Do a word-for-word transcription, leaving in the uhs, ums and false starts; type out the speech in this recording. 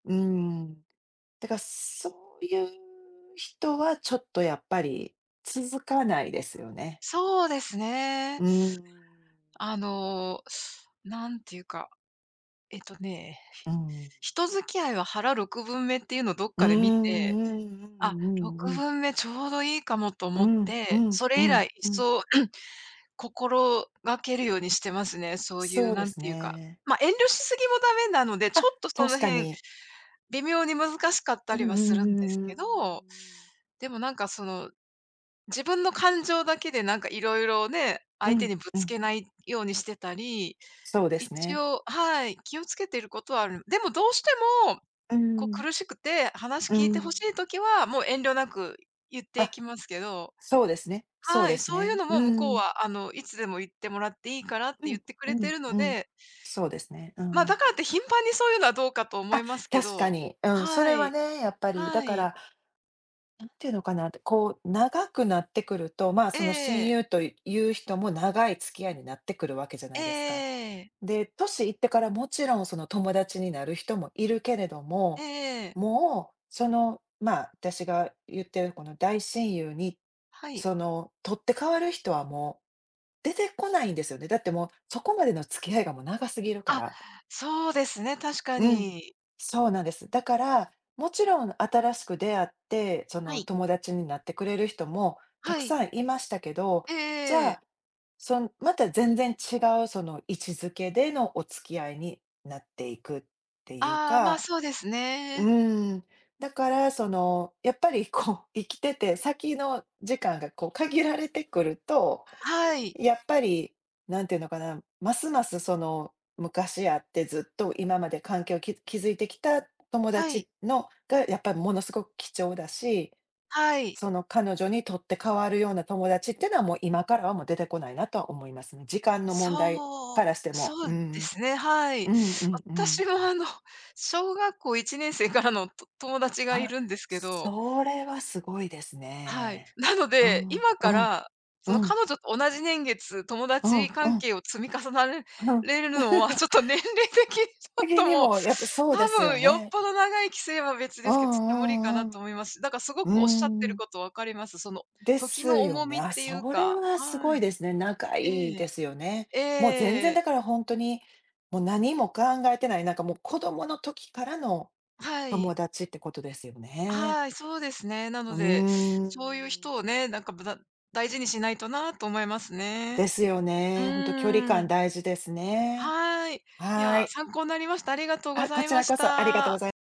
うん。だからそういう人はちょっとやっぱり続かないですよね。そうですね。うん。あの、なんていうか、えっとね、うん。人付き合いは腹ろくぶんめっていうのをどっうんかで見て、うんうんあ、うろくんうん。ぶんめちょうどいいかもとう思っんうて、んそうれ以ん来うん。そう、心がけるようにしてますね。そういそううで何すていうか、ね。ま、遠慮しすぎもダメなので、ちょあ、っとその確か辺、に。微妙に難しかったうんりうんうはするんですん、うーけん。ど、でもなんかその、自分の感情だけでなんか色々ね。う相手んにぶうつん。けないようにしてたり、そうです一ね。応はい。気を付けてることはある。でもどうしても、うーこうん。苦しくて、話う聞いて欲しん。い時は、もう遠慮なく言っていあ、きますけどそうですね。そうはでい。すそういうね。のうも向こうん。は「あの、いつでも言ってもらっていいから」っうて言っんてくうれてんるのうん。でそうですね。うま、ん。だからって頻繁にそういうのはどうかと思あ、いますけ確かど。に。うん、そはれはい。ね、やっぱり。だはかい。ら、なんていうのかなって、こう、長くなってくると、まあ、えその親え。友という人も長い付き合いになってくるわけじゃえなえいですか。ええええ。で、年いってからもちろんその友達になる人もいるけれどえも、えええ。もう、その、まあ、私が言ってるこの大親友に、はい。その取って代わる人はもう、出てこないんですよね。だってもう、そこまでの付き合いがもう長すぎるかあ、ら。そうですね、確かうん。に。そうなんです。だから、もちろん新しく出会って、そはのい。友達になってくれる人もたはくい。さんいましたけど、えじえゃええ。あ、そんまた全然違うその位置づけでのお付き合いになっていくっていうああ、まあ、か。そうですうね。ーん。だから、そのやっぱりこう生きてて先の時間がこう限られてくると、はい。やっぱり、何ていうのかな、ますます、その昔あってずっと今まで環境をき築いてきた友はい。達のがやっぱりものすごく貴重だし、はい。その彼女にとって代わるような友達っていうのは、もう今からはもう出てこないなとは思いますね。時間の問題そう、からしても。そううでんすね、はい。うん。うんうんうん。私はあの、小学校いちねんせいからのと友達がいあ、るんですけど。それはすごいですはい。ね。なのうで、ん、今うかん、ら、うそのん。彼女と同じ年月、友う達んう関ん。係を積み重なれれるのは、ちょっと年齢的にちょへっげ、とでもう、もやっぱそうで多すよ分よっね。ぽど長い規制は別うですけど、ちょっと無理かんうなんうとん。思います。だからすごうくおっしゃってーるん。こと分かります。そので時すのよ重ね。みっあ、ていうそれかはすはごいい。ですね。仲いいえでえ、すよね。えもう全然え。だからほんとに、もう何も考えてない、なんかもう子供の時からのはい。友達ってことですよね。はい、そうですね。なうのーで、そういうん。人をね、なんかぶだ大事にしないとなと思いますね。ですようね。ほんと距離ー感ん。大事ですね。はい。いはや、い。参考なりました。ありがとうごあ、ざこいちまらしこそありがとうごた。ざい